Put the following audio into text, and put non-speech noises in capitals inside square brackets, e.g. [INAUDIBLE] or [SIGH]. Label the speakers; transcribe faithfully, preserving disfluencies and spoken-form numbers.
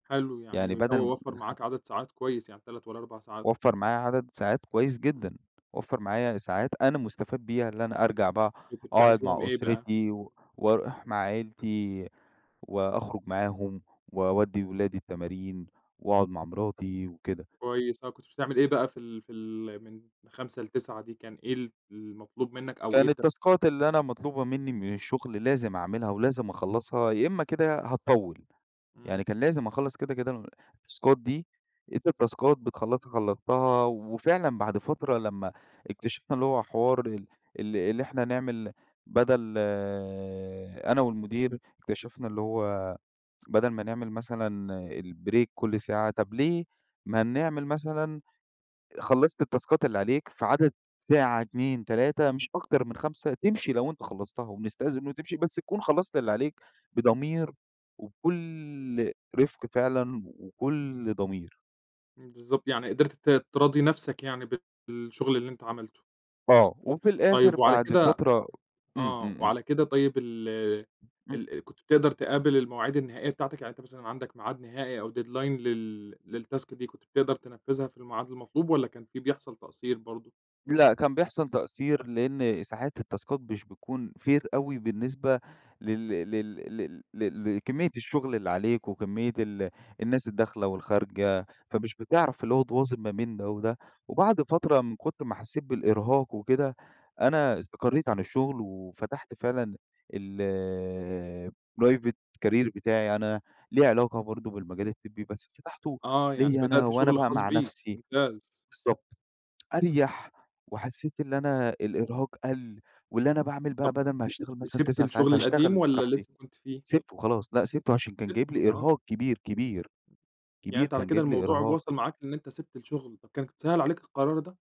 Speaker 1: حلو
Speaker 2: يعني
Speaker 1: يعني [UNINTELLIGIBLE]
Speaker 2: بدل م
Speaker 1: وفّر
Speaker 2: نخ
Speaker 1: معاك عدد ساعات كويس يعني تلات والّا أربع ساعات.
Speaker 2: وفّر معايّا عدد ساعات كويس
Speaker 1: إمم.
Speaker 2: جدًا، وفّر معايّا ساعات أنا مُستفاد بيها اللي أنا أرجع بقى
Speaker 1: كنت بتعمل
Speaker 2: أقعد
Speaker 1: فيهم
Speaker 2: مع
Speaker 1: إيه بقى؟
Speaker 2: أُسرتي و واروح مع عيلتي، وأخرج معاهم واودّي اولادي التمارين، واقعد مع مراتي وكده.
Speaker 1: كويس آه، كنت بتعمل إيه بقى في ال في ال من خمسة لتسعة دي كان إيه ال المطلوب منك أو إيه
Speaker 2: كان
Speaker 1: الت
Speaker 2: التاسكات اللي أنا مطلوبة مني من الشغل لازم اعملها ولازم أخلّصها يا إما كده هاطوّل،
Speaker 1: إمم.
Speaker 2: يعني كان لازم اخلّص كده، كده ال التاسكات دي أنت التاسكات بتخلّصها خلّصتها، وفعلًا بعد فترة لما إكتشِفنا اللي هو حوار ال ال اللي إحنا نعمل بدل أنا والمدير إكتشَفنا اللي هو بدل ما نعمل مثلًا الbreak كل ساعة طب ليه، ما نعمل مثلًا خلّصت التاسكات اللي عليك في عدد ساعة، اتنين، تلاتة، مش أكتر من خمسة تمشي لو أنت خلّصتها، وبنستأذن منُه وتمشي بس تكون خلّصت اللي عليك بضمير وبكل رِفق فعلًا وكل ضمير.
Speaker 1: إمم، بالضبط يعني قدِرت ت تراضي نفسك يعني ب بالشغل اللي أنت عَملته.
Speaker 2: آه وفي الآخر
Speaker 1: طيب وعلى
Speaker 2: بعد
Speaker 1: كده
Speaker 2: فترة إمم،
Speaker 1: آه.
Speaker 2: إمم، إمم.
Speaker 1: وعلى كده طيب ال
Speaker 2: إمم.
Speaker 1: ال ال كنت بتقْدر تقابل المواعيد النهائية بتاعتك يعني أنت مثلًا عندك معاد نهائي أو deadline لل للتاسك دي كنت بتقْدر تنفذها في المعاد المطلوب والّا كان في بيحصل تقصِير برضه؟
Speaker 2: لأ كان بيحصل تقصِير لإن ساعات التاسكات مش بتكون fair أوي بالنسبة لل لل لل ل لكمية الشغل اللي عليك وكمية ال الناس الداخلة والخارجة، فمش بتعرف اللي هو تواظِب ما بين ده وده، وبعد فترة من كتر ما حسّيت بالإرهاق وكده، أنا استقرّيت عن الشغل وفتحت فعلًا الprivate career بتاعي أنا ليه علاقة برضه بالمجال الطبي بس فتحته
Speaker 1: آه يعني
Speaker 2: ليَّ أنا
Speaker 1: بدأت
Speaker 2: وأنا
Speaker 1: شغل
Speaker 2: بقى
Speaker 1: خاص
Speaker 2: مع
Speaker 1: بيك،
Speaker 2: نفسي
Speaker 1: ممتاز.
Speaker 2: بالضبط.
Speaker 1: إمم.
Speaker 2: أريح وحسيت اللي أنا الإرهاق قَل واللي أنا باعمل بقى
Speaker 1: طب
Speaker 2: بدل ما
Speaker 1: و
Speaker 2: هاشتغل مثلًا
Speaker 1: وسِيبت
Speaker 2: تسع ساعات
Speaker 1: الشغل القديم
Speaker 2: هاشتغل
Speaker 1: والّا
Speaker 2: براحتي
Speaker 1: لسه كنت فيه؟
Speaker 2: سيبْتُه خلاص لأ سيبْتُه عشان كان جايب
Speaker 1: سيبته،
Speaker 2: لي
Speaker 1: آه.
Speaker 2: إرهاق كبير، كبير.
Speaker 1: يعني
Speaker 2: كبير
Speaker 1: أنت على
Speaker 2: كان
Speaker 1: كده
Speaker 2: جايب لي
Speaker 1: الموضوع
Speaker 2: إرهاق.
Speaker 1: وصَل معاك إن أنت سيبت الشغل، طب كان سَهل عليك القرار ده؟